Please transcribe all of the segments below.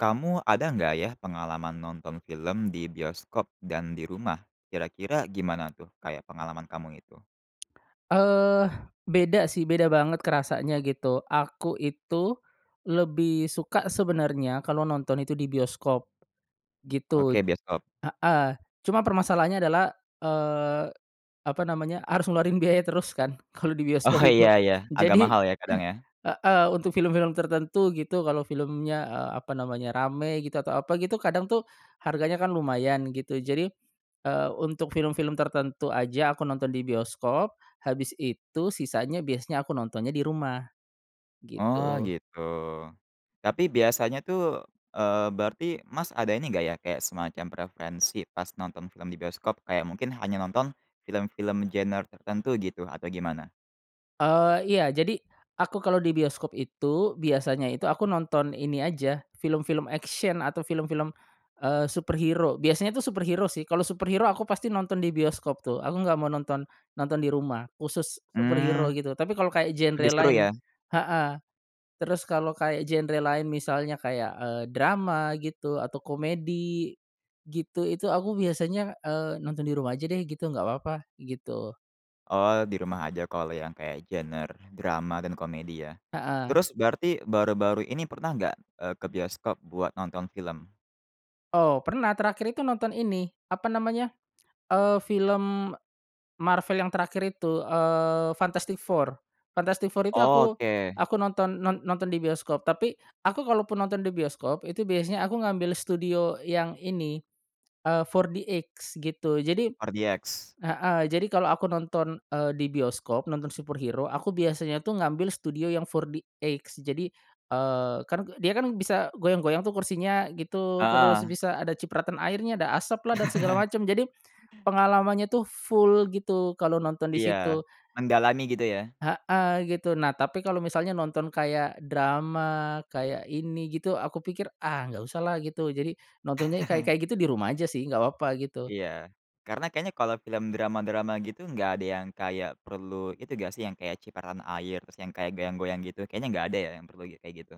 Kamu ada nggak ya pengalaman nonton film di bioskop dan di rumah? Kira-kira gimana tuh kayak pengalaman kamu itu? Eee, beda sih beda banget kerasanya gitu, aku itu lebih suka sebenarnya kalau nonton itu di bioskop. Gitu, Oke, bioskop. heeh, cuma permasalahannya adalah, eee, apa namanya, harus ngeluarin biaya terus kan kalau di Oh bioskop itu. iya iya, agak Jadi mahal ya, kadang ya? heeh, untuk film-film tertentu gitu kalau filmnya, eee, apa namanya rame gitu atau apa gitu kadang tuh harganya kan lumayan gitu. Jadi, eee, untuk film-film tertentu aja aku nonton di bioskop, habis itu sisanya biasanya aku nontonnya di rumah, Oh gitu. gitu. Tapi biasanya tuh, eee, berarti, Mas, ada ini enggak ya, kayak semacam preferensi pas nonton film di bioskop, kayak mungkin hanya nonton film-film genre tertentu gitu atau gimana? Eee, iya jadi aku kalau di bioskop itu biasanya itu aku nonton ini aja film-film action atau film-film, eee, superhero. Biasanya tuh superhero sih, kalau superhero aku pasti nonton di bioskop tuh. Aku nggak mau nonton, nonton di rumah, khusus superhero Mmm. gitu, tapi kalau kayak genre Lebih seru lain ya. heeh terus kalau kayak genre lain misalnya kayak, eee, drama gitu atau komedi gitu, itu aku biasanya, eee, nonton di rumah aja deh gitu nggak papa gitu. Oh di rumah aja kalau yang kayak genre drama dan komedi ya. Heeh. Terus berarti baru-baru ini pernah nggak, eee, ke bioskop buat nonton film? Oh, pernah terakhir itu nonton ini apa namanya, eee, film Marvel yang terakhir itu, eee, Fantastic 4. Fantastic 4 itu aku, Oke. aku nonton, non nonton di bioskop, tapi aku kalaupun nonton di bioskop itu biasanya aku ngambil studio yang ini, eee, 4DX gitu jadi 4DX. heeh jadi kalau aku nonton, eee, di bioskop nonton superhero aku biasanya tuh ngambil studio yang 4DX jadi eee, kan ke dia kan bisa goyang-goyang tuh kursinya gitu, terus Heeh. bisa ada cipratan airnya, ada asaplah dan segala macam jadi pengalamannya tuh full gitu kalau nonton di Iya, situ. mendalami gitu ya. Heeh, gitu. Nah tapi kalau misalnya nonton kayak drama, kayak ini gitu aku pikir, "Ah, nggak usahlah," gitu jadi nontonnya kayak-kayak gitu di rumah aja sih nggak papa gitu. Iya, karena kayaknya kalau film drama-drama gitu nggak ada yang kayak perlu itu nggak sih, yang kayak cipratan air terus yang kayak goyang-goyang gitu kayaknya nggak ada ya yang perlu kayak gitu?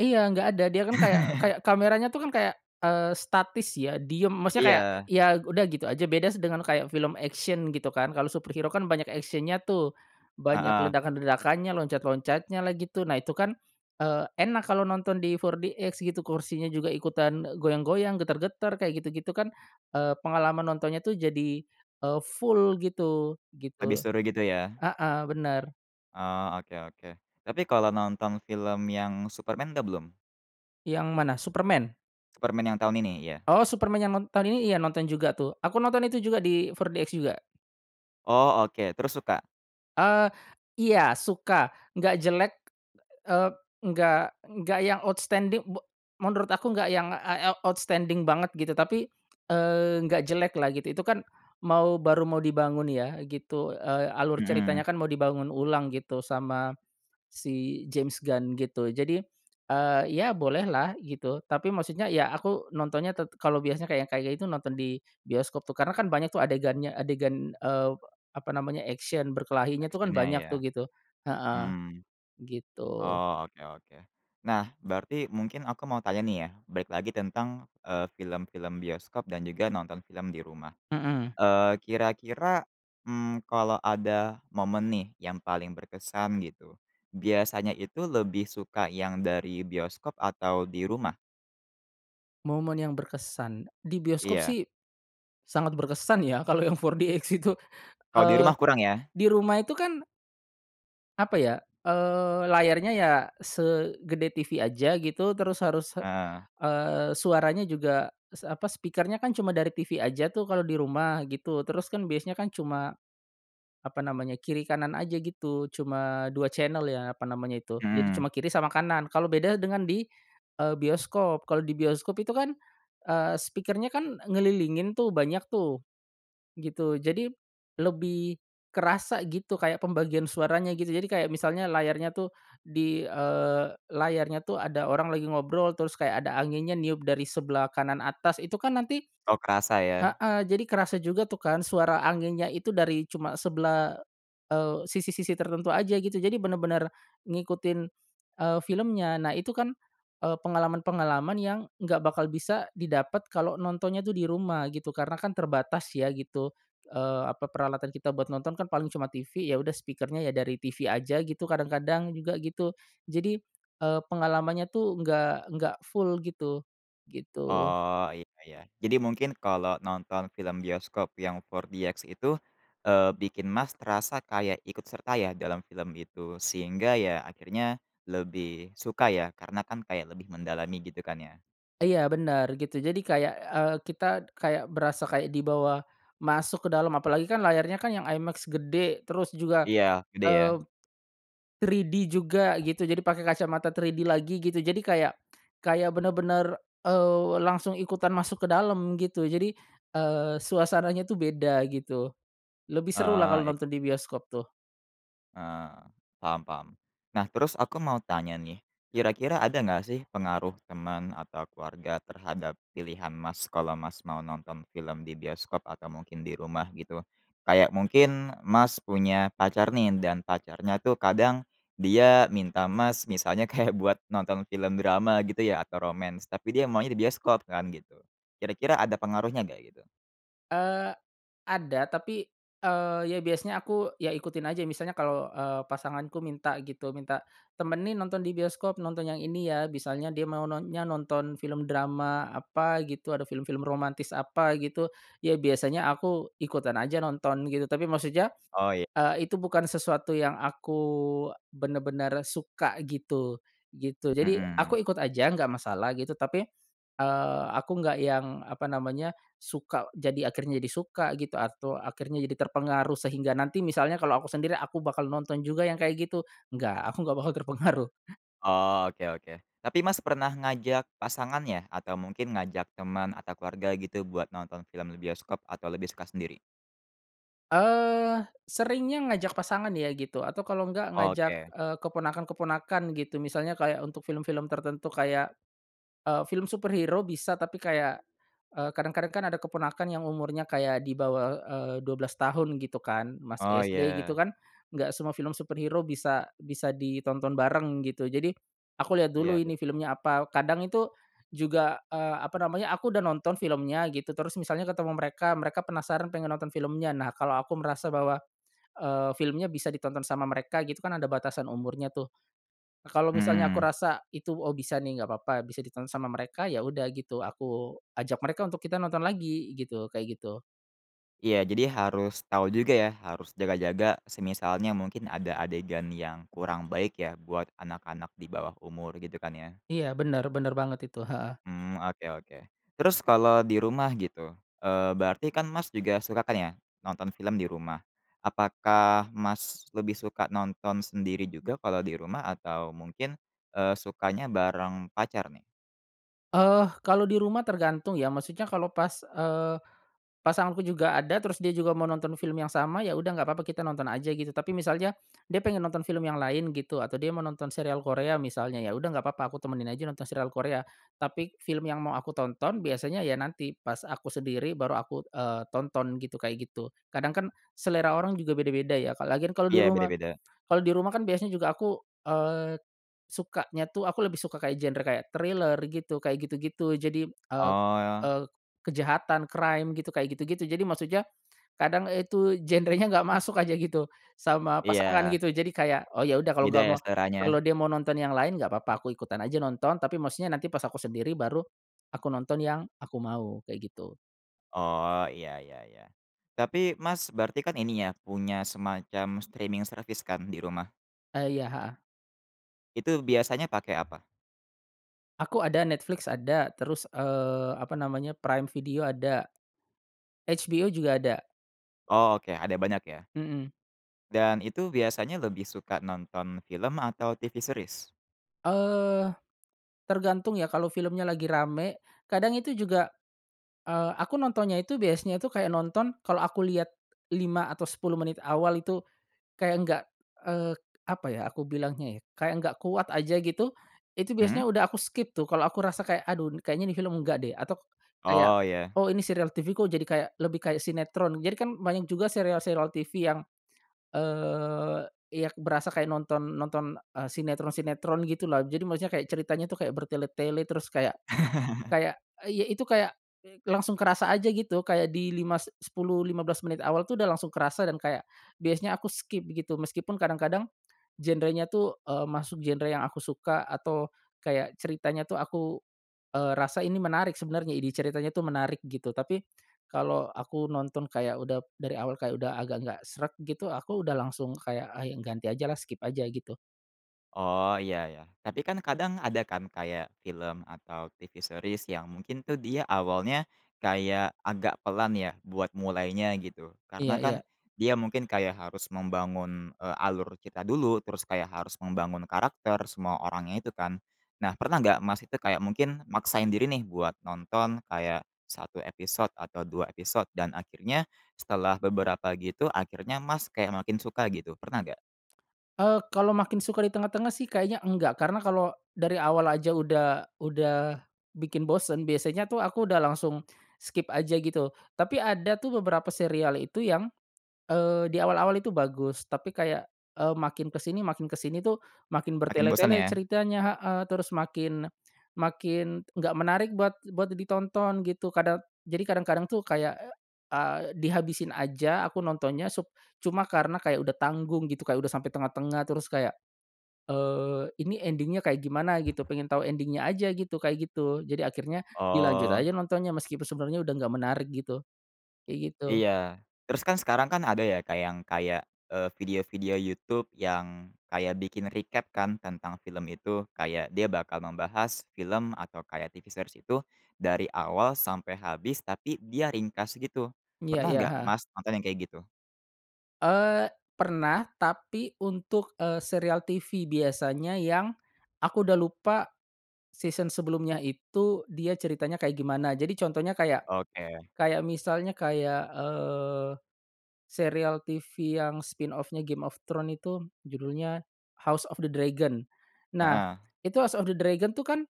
Iya nggak ada, dia kan kayak kayak kameranya tuh kan kayak, eee, statis ya diam maksudnya kayak Iya. ya udah gitu aja. Beda dengan kayak film action gitu kan kalau superhero kan banyak action-nya tuh, banyak Heeh. ledakan-ledakannya, loncat-loncatnyalah gitu. Nah itu kan, eee, enak kalau nonton di 4DX gitu kursinya juga ikutan e goyang-goyang, getar-getar kayak gitu-gitu kan, eee, pengalaman nontonnya tuh jadi, eee, full gitu, Lebih gitu. seru gitu ya. Heeh, bener. Oh oke oke. Tapi kalau nonton film yang Superman udah belum? Yang mana, Superman? Superman yang tahun ini, iya. Oh Superman yang non tahun ini iya nonton juga tuh, aku nonton itu juga di 4DX juga. Oh oke, terus suka? Eee, iya suka. Nggak jelek, eee, nggak nggak yang outstanding be menurut aku nggak yang, ah, eee, outstanding banget gitu tapi, eee, nggak jeleklah gitu. Itu kan mau baru mau dibangun ya gitu, eee, alur ceritanya Mmm. kan mau dibangun ulang gitu sama si James Gun gitu. Jadi, eee, ya bolehlah gitu, tapi maksudnya ya aku nontonnya te kalau biasanya kayak kayak itu nonton di bioskop tuh karena kan banyak tuh adegannya, adegan, eee, apa namanya, action, berkelahinya tuh kan Action-nya banyak ya. tuh gitu, heeh. Mmm. Gitu. Oh oke oke, nah berarti mungkin aku mau tanya nih ya balik lagi tentang, eee, film-film bioskop dan juga nonton film di rumah. Mhm. Eee, kira-kira, mmm, kalau ada momen nih yang paling berkesan gitu biasanya itu lebih suka yang dari bioskop atau di rumah? Momen yang berkesan, di bioskop Iya. sih sangat berkesan ya kalau yang 4DX itu. Kalau di rumah Eee, kurang ya? di rumah itu kan apa ya, eee, layarnya ya segede TV aja gitu terus harus, Heeh. eee, suaranya juga s apa speaker-nya kan cuma dari TV aja tuh kalau di rumah gitu terus kan biasanya kan cuma, apa namanya kiri kanan aja gitu cuma 2 channel ya, apa namanya itu. Jadi Mmm. cuma kiri sama kanan, kalau beda dengan di, eee, bioskop. Kalau di bioskop itu kan, eee, speaker-nya kan ngelilingin tuh banyak tuh. Gitu, jadi lebih kerasa gitu kayak pembagian suaranya gitu, jadi kayak misalnya layarnya tuh di eee, layarnya tuh ada orang lagi ngobrol terus kayak ada anginya niup dari sebelah kanan atas itu kan nanti Oh kerasa ya? heeh jadi kerasa juga tuh kan suara anginnya itu dari cuma sebelah, eee, sisi-sisi tertentu aja gitu jadi bener-bener ngikutin, eee, filmnya. Nah itu kan, eee, pengalaman-pengalaman yang nggak bakal bisa didapet kalau nontonnya tuh di rumah gitu karena kan terbatas ya gitu, eee, apa peralatan kita buat nonton kan paling cuma TV ya udah speaker-nya ya dari TV aja gitu kadang-kadang juga gitu, jadi, eee, pengalamannya tuh nggak nggak full gitu. Gitu. Oh iya iya. Jadi mungkin kalau nonton film Bioskop yang 4DX itu, eee, bikin, Mas, terasa kayak ikut serta ya dalam film itu sehingga ya akhirnya lebih suka ya karena kan kayak lebih mendalami, gitu kan ya? Iya bener gitu jadi kayak, eee, kita kayak berasa kayak dibawa masuk ke dalam apalagi kan layarnya kan yang iMAX gede terus juga, Iya, gede eee, ya. 3D juga gitu jadi pakai kacamata 3D lagi gitu jadi kayak, kayak bener-bener, eee, langsung ikutan masuk ke dalam gitu. Jadi, eee, suasananya tuh beda gitu. Lebih serulah kalau Heeh, iy nonton di bioskop tuh. Eee, paham paham. Nah terus aku mau tanya nih. Kira-kira ada enggak sih pengaruh teman atau keluarga terhadap pilihan, Mas, kalau, Mas, mau nonton film di bioskop atau mungkin di rumah gitu? Kayak mungkin, Mas, punya pacar nih dan pacarnya tuh kadang dia minta, Mas, misalnya kayak buat nonton film drama gitu ya atau romance tapi dia maunya di bioskop kan gitu. Kira-kira ada pengaruhnya nggak gitu? Eee, ada tapi, eee, ya biasanya aku ya ikutin aja misalnya kalau, eee, pasanganku minta gitu, minta, "Temenin nonton di bioskop nonton yang ini ya," misalnya dia mau non nya nonton film drama apa gitu, ada film-film romantis apa gitu. Ya biasanya aku ikutan aja nonton gitu, tapi maksudnya, Oh iy eee, itu bukan sesuatu yang aku bener-bener suka gitu, gitu. Jadi aku Mmm. ikut aja nggak masalah gitu tapi, eee, aku nggak yang, apa namanya, suka jadi akhirnya jadi suka gitu atau akhirnya jadi terpengaruh sehingga nanti misalnya kalau aku sendiri aku bakal nonton juga yang kayak gitu, enggak aku enggak bakal terpengaruh. Oh oke oke. Tapi, Mas, pernah ngajak pasangannya? Atau mungkin ngajak teman atau keluarga gitu buat nonton film di bioskop, atau lebih suka sendiri? Eee, seringnya ngajak pasangan ya gitu atau kalau enggak ngajak, Oke. eee, keponakan-keponakan gitu. Misalnya kayak untuk film-film tertentu kayak, eee, film superhero bisa, tapi kayak eee, kadang-kadang kan ada keponakan yang umurnya kayak di bawah, eee, 12 tahun gitu kan masih Oh SD gitu ya. kan, nggak semua film superhero bisa bisa ditonton bareng gitu. Jadi aku lihat dulu Iya ini betul. filmnya apa, kadang itu juga, eee, apa namanya aku udah nonton filmnya gitu terus misalnya ketemu mereka mereka penasaran pengen nonton filmnya nah kalau aku merasa bahwa, eee, filmnya bisa ditonton sama mereka gitu kan ada batasan umurnya tuh. Kalau misalnya aku Mmm. rasa itu, "Oh bisa nih nggak papa bisa ditonton sama mereka," ya udah gitu, aku ajak mereka untuk kita nonton lagi, gitu kayak gitu. Iya jadi harus tahu juga ya, harus jaga-jaga semisalnya mungkin ada adegan yang kurang baik ya buat anak-anak di bawah umur, gitu kan ya? Iya bener bener banget itu, heeh. Mmm, oke oke. Terus kalau di rumah gitu, eee, berarti kan, Mas, juga suka kan ya nonton film di rumah. Apakah, Mas, lebih suka nonton sendiri juga kalau di rumah atau mungkin, eee, sukanya bareng pacar nih? Eh, kalo di rumah tergantung ya maksudnya kalo pas, eee, pasanganku juga ada terus dia juga mau nonton film yang sama, ya udah nggak papa kita nonton aja gitu. Tapi misalnya dia pengen nonton film yang lain gitu atau dia mau nonton serial Korea misalnya ya udah nggak apa-apa aku temenin aja nonton serial Korea. Tapi film yang mau aku tonton biasanya ya nanti pas aku sendiri baru aku, eee, tonton gitu kayak gitu. Kadang kan selera orang juga beda-beda ya ka lagian kalau di Iya rumah. beda-beda. Kalau di rumah kan biasanya juga aku, eee, sukanya tuh aku lebih suka kayak genre kayak thriller gitu, kayak gitu-gitu. Jadi, eee Oh. eee, kejahatan, crime gitu kayak gitu-gitu, jadi maksudnya kadang itu genrenya nggak masuk aja gitu sama pasangan Iya. gitu jadi kayak, "Oh ya udah kalau Beda nggak ya mau," seleranya. kalau dia mau nonton yang lain nggak papa, aku ikutan aja nonton. Tapi maksudnya nanti pas aku sendiri baru aku nonton yang aku mau, kayak gitu. Oh, iya iya iya. Tapi, Mas, berarti kan ininya punya semacam streaming service kan di rumah? Eee, iya, heeh. Itu biasanya pakai apa? Aku ada, Netflix ada. Terus, eee, apa namanya Prime Video ada. HBO juga ada. Oh oke ada banyak ya. Mmm. Dan itu biasanya lebih suka nonton film atau TV series? Eee, tergantung ya kalau filmnya lagi rame kadang itu juga eee, aku nontonnya itu biasanya itu kayak nonton kalau aku lihat 5 atau 10 menit awal itu kayak enggak, eee, apa ya aku bilangnya ya, kayak nggak kuat aja gitu, itu Mmm. biasanya udah aku skip tuh kalau aku rasa kayak, "Aduh n kayaknya ini film nggak deh," atau k kayak, Oh ya. "Oh ini serial TV kok jadi kayak, lebih kayak sinetron," jadikan banyak juga serial-serial TV yang, eee, iya berasa kayak nonton nonton, eee, sinetron-sinetron gitulah. Jadi maksudnya kayak ceritanya tuh kayak bertele-tele terus kayak kayak iy itu kayak langsung kerasa aja gitu kayak di 5, s sepuluh, 15 menit awal tuh udah langsung kerasa dan kayak biasanya aku skip gitu. Meskipun kadang-kadang genrenya tuh, eee, masuk genre yang aku suka atau kayak ceritanya tuh aku, eee, rasa ini menarik sebenarnya ide ceritanya tuh menarik gitu. Tapi kalau aku nonton kayak, udah dari awal kayak udah agak nggak sreg gitu, aku udah langsung kayak, "Ah i ganti ajalah skip aja" gitu. Oh iya ya, tapi kan kadang ada kan kayak film atau TV series yang mungkin tuh dia awalnya kayak agak pelan ya, buat mulainya gitu. Karena Iya kan iya. dia mungkin kayak harus membangun, eee, alur cerita dulu terus kayak harus membangun karakter, semua orangnya itu kan. Nah pernah nggak, Mas, itu kayak mungkin maksain diri nih buat nonton kayak 1 episode atau 2 episode dan akhirnya setelah beberapa gitu akhirnya, Mas, kayak makin suka gitu pernah nggak? Eee, kalau makin suka di tengah-tengah sih kayaknya enggak karena kalau dari awal aja udah udah bikin bosen biasanya tuh aku udah langsung skip aja gitu. Tapi ada tuh beberapa serial itu yang, eee, di awal-awal itu bagus tapi kayak, eee, makin ke sini makin ke sini tuh makin Makin bosan bertele-tele ya? ceritanya heeh, terus makin, makin, nggak menarik buat buat ditonton gitu. Kada jadi kadang-kadang tuh kayak, a dihabisin aja aku nontonnya sup cuma karena kayak udah tanggung gitu kayak udah sampai tengah-tengah terus kayak, eee, ini ending-nya kayak gimana gitu pengen tahu ending-nya aja gitu, kayak gitu. Jadi akhirnya dilanjut aja Oh. nontonnya meskipun sebenarnya udah nggak menarik gitu, kayak gitu. Iya, terus kan sekarang kan ada ya, Kak, yang kayak, eee, video-video YouTube yang kayak bikin recap kan tentang film itu kayak dia bakal membahas film atau kayak TV series itu dari awal sampai habis tapi dia ringkas gitu. Iya Pernah iya, nggak, heeh. Mas, nonton yang kayak gitu? Eee, pernah tapi untuk, eee, serial TV biasanya yang aku udah lupa, season sebelumnya itu dia ceritanya kayak gimana. Jadi contohnya kayak, Oke. kayak misalnya kayak, eee, serial TV yang spinoff-nya Game of Thrones itu judulnya, House of the Dragon. Nah Heeh. itu House of the Dragon tuh kan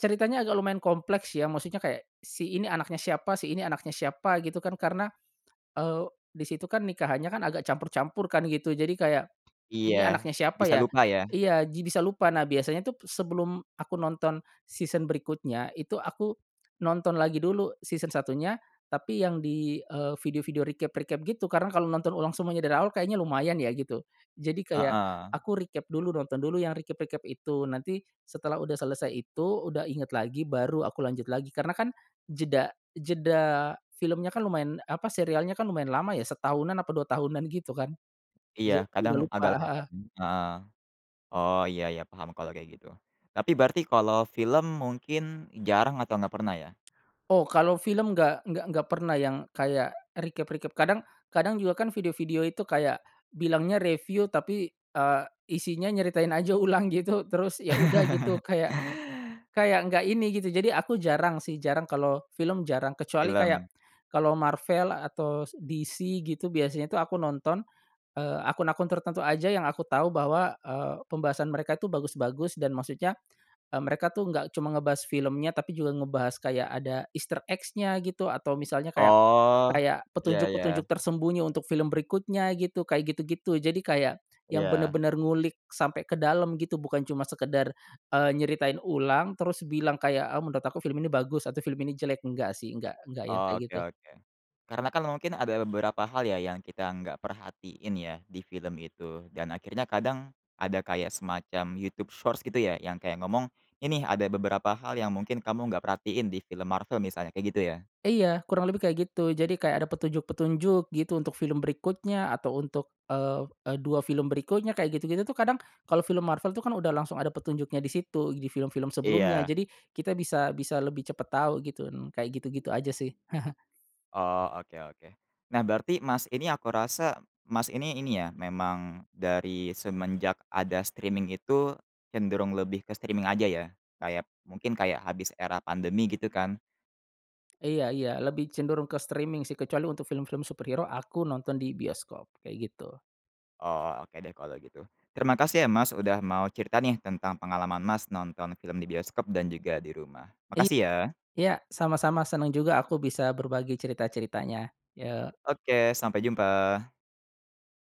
ceritanya agak lumayan kompleks ya maksudnya kayak, si ini anaknya siapa si ini anaknya siapa, gitu kan karena, eee, di situ kan nikahannya kan agak campur-campur kan gitu, jadi kayak, Iya, ini anaknya siapa bisa ya? lupa ya? Iya ji bisa lupa nah biasanya tuh p sebelum aku nonton season berikutnya itu aku nonton lagi dulu season satunya, tapi yang di, eee, video-video recap-recap gitu karena kalau nonton ulang semuanya dari awal kayaknya lumayan ya gitu. Jadi kayak Heeh. aku recap dulu nonton dulu yang recap-recap itu, nanti setelah sudah selesai itu, udah ingat lagi, baru aku lanjut lagi. Karena kan jeda jeda filmnya kan lumayan, apa serialnya kan lumayan lama ya, setahunan apa 2 tahunan gitu kan. Iya Jadi udah kadang lupa, agak lupa, heeh. m heeh. Oh iya iya paham kalau kayak gitu. Tapi berarti kalau film mungkin jarang atau enggak pernah ya? Oh kalau film enggak enggak enggak pernah yang kayak recap-recap. Kadang kadang juga kan video-video itu kayak bilangnya review tapi, eee, isinya nyeritain aja ulang gitu terus ya udah gitu kayak, kayak enggak ini gitu. Jadi aku jarang sih, jarang kalau film jarang. Kecuali kayak Film. kalau Marvel atau s DC gitu biasanya tuh aku nonton, eee, akun-akun tertentu aja yang aku tahu bahwa, eee, pembahasan mereka itu bagus-bagus dan maksudnya, eee, mereka tuh enggak cuma ngebahas filmnya tapi juga ngebahas kayak ada, easter eggs-nya gitu, atau misalnya kayak Oh, kayak ya petunjuk-petunjuk ya. tersembunyi untuk film berikutnya gitu, kayak gitu-gitu. Jadi kayak yang Iya. benar-benar ngulik sampai ke dalam gitu bukan cuma sekadar, eee, nyeritain ulang terus bilang kayak, eee, "Menurut aku film ini bagus atau film ini jelek", enggak sih enggak enggak yang kayak Oke gitu. oke. Karena kan mungkin ada beberapa hal ya yang kita enggak perhatiin ya di film itu, dan akhirnya kadang, ada kayak semacam YouTube Shorts gitu ya yang kayak ngomong, "Ini ada beberapa hal yang mungkin kamu enggak perhatiin di film Marvel," misalnya kayak gitu ya? Iya, kurang lebih kayak gitu jadi kayak ada petunjuk-petunjuk gitu untuk film berikutnya atau untuk, eee eee, 2 film berikutnya kayak gitu-gitu tuh kadang kalau film Marvel tuh kan udah langsung ada petunjuknya di situ, di film-film sebelumnya, Iya. jadi kita bisa bisa lebih cepat tahu gitu, kayak gitu-gitu aja sih. Oh, oke oke. Nah berarti Mas ini aku rasa, Mas ini ini ya memang dari semenjak ada streaming itu, cenderung lebih ke streaming aja ya? Kayak mungkin kayak habis era pandemi gitu kan? Iya iya, lebih cenderung ke streaming sih kecuali untuk film-film superhero aku nonton di bioskop, kayak gitu. Oh, oke deh kalau gitu. Terima kasih ya Mas udah mau cerita nih tentang pengalaman Mas nonton film di bioskop dan juga di rumah. I Makasih ya. ya, sama-sama senang juga aku bisa berbagi cerita-ceritanya. Yok. Oke, sampai jumpa.